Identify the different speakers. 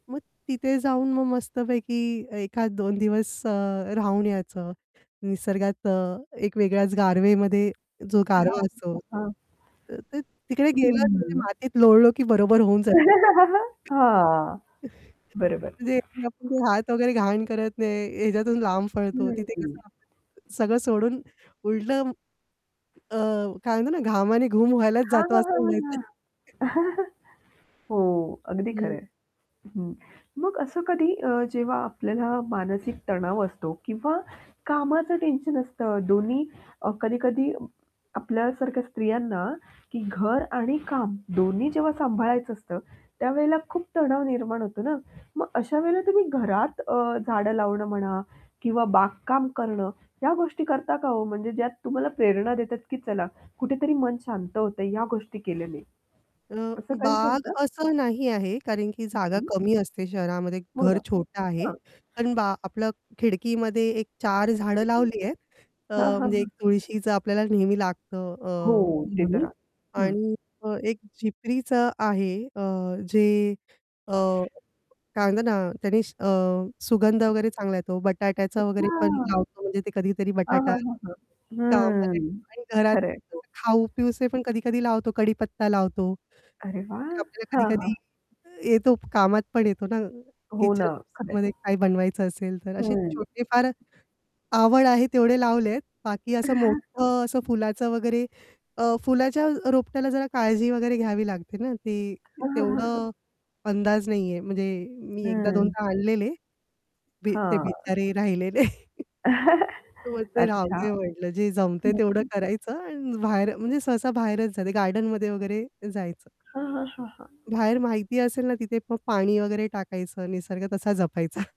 Speaker 1: मग तिथे जाऊन मग मस्तपैकी एखाद 2 दिवस अ, राहून यायचं. निसर्गात अ, एक वेगळ्याच गारवेमध्ये जो गारवा असतो.
Speaker 2: [unintelligible] हां.
Speaker 1: तर ते तिकडे गेलो तिथे
Speaker 2: [unintelligible]
Speaker 1: मातीत लोळलो, की बरोबर होऊन जा
Speaker 2: हां, बरोबर.
Speaker 1: तर ते आपले हात वगैरे घाण करत नाही, याच्यातून लांब
Speaker 2: हं,
Speaker 1: पळतो, तिथे कसं
Speaker 2: हं.
Speaker 1: आपण सगळं सोडून उलटं अ, काय म्हणतो ना घामाने घूम व्हायलाच
Speaker 2: हां,
Speaker 1: जातो
Speaker 2: हां,
Speaker 1: असं
Speaker 2: हां, हां,
Speaker 1: म्हणायचं.
Speaker 2: हां. हो, अगदी खरं
Speaker 1: हं.
Speaker 2: आहे. हं. मग असं कधी अ, जेव्हा आपल्याला मानसिक तणाव असतो किंवा कामाचं टेन्शन असतं, दोन्ही अ, कधी-कधी अ, आपल्यासारख्या स्त्रियांना की घर आणि काम दोन्ही जेव्हा सांभाळायचं असतं, त्यावेळेला खूप तणाव निर्माण होतो ना. मग अशा वेळेला तुम्ही घरात अ, झाडं लावणं म्हणा किंवा बागकाम करणं. या गोष्टी करता का हो? म्हणजे ज्यात तुम्हाला प्रेरणा देतात, की चला कुठेतरी मन शांत होतंय या गोष्टी केल्याने.
Speaker 1: अ,
Speaker 2: असं काही
Speaker 1: बाग
Speaker 2: करता?
Speaker 1: असं नाही आहे, कारण की
Speaker 2: हं,
Speaker 1: जागा
Speaker 2: हं.
Speaker 1: कमी असते शहरामध्ये
Speaker 2: हो
Speaker 1: घर
Speaker 2: ना,
Speaker 1: छोटं आहे.
Speaker 2: हां.
Speaker 1: अण बा आपल खिडकीमध्ये एक 4 झाडं लावली आहेत.
Speaker 2: [unintelligible]
Speaker 1: अ,
Speaker 2: हां, हां,
Speaker 1: म्हणजे एक
Speaker 2: हां.
Speaker 1: तुळशीचं आपल्याला नेहमी लागतं
Speaker 2: हो,
Speaker 1: अ,
Speaker 2: ते तर
Speaker 1: म्हणून
Speaker 2: हं.
Speaker 1: आणि एक झिपरीचं आहे अ, जे अ, काय म्हणतात ना, त्याने अ, सुगंध वगैरे चांगला येतो, बटाट्याचा वगैरे पण
Speaker 2: अच्छा.
Speaker 1: लावतो, म्हणजे ते कधीतरी
Speaker 2: हां,
Speaker 1: बटाटा
Speaker 2: हां, हां, हां.
Speaker 1: कामाच्या
Speaker 2: हम्म,
Speaker 1: आणि घरात
Speaker 2: खरं आहे. हो
Speaker 1: असं खाऊ पिऊसे पण कधी-कधी लावतो, कढीपत्ता लावतो.
Speaker 2: अरे वाह!
Speaker 1: ते आपल्याला
Speaker 2: हां, हां.
Speaker 1: कधी-कधी येतो कामात पण येतो ना
Speaker 2: हो ना, खरं आहे.
Speaker 1: किचनमध्ये काही बनवायचं असेल तर. असे
Speaker 2: हं.
Speaker 1: छोटे फार आवड आहे तेवढे लावलेत बाकी असं मोठं असं फुलाचं वगैरे अ, फुलाच्या रोपट्याला जरा काळजी वगैरे घ्यावी लागते ना, ती
Speaker 2: हां, हां, हां, हां.
Speaker 1: तेवढं अंदाज नाही आहे, म्हणजे मी एकदा
Speaker 2: हं.
Speaker 1: दोनदा आणलेले बी ते
Speaker 2: हां.
Speaker 1: बिचारे राहिले नाही मग ते
Speaker 2: अच्छा,
Speaker 1: राहूदे म्हटलं, जे जमतंय
Speaker 2: हं,
Speaker 1: तेवढं
Speaker 2: हं.
Speaker 1: करायचं आणि बाहेर म्हणजे सहसा बाहेरच जाते गार्डनमध्ये वगैरे जायचं.
Speaker 2: हां, हां, हां, हां.
Speaker 1: बाहेर माहिती असेल ना तिथे मग पाणी वगैरे टाकायचं निसर्ग तसा जपायचा.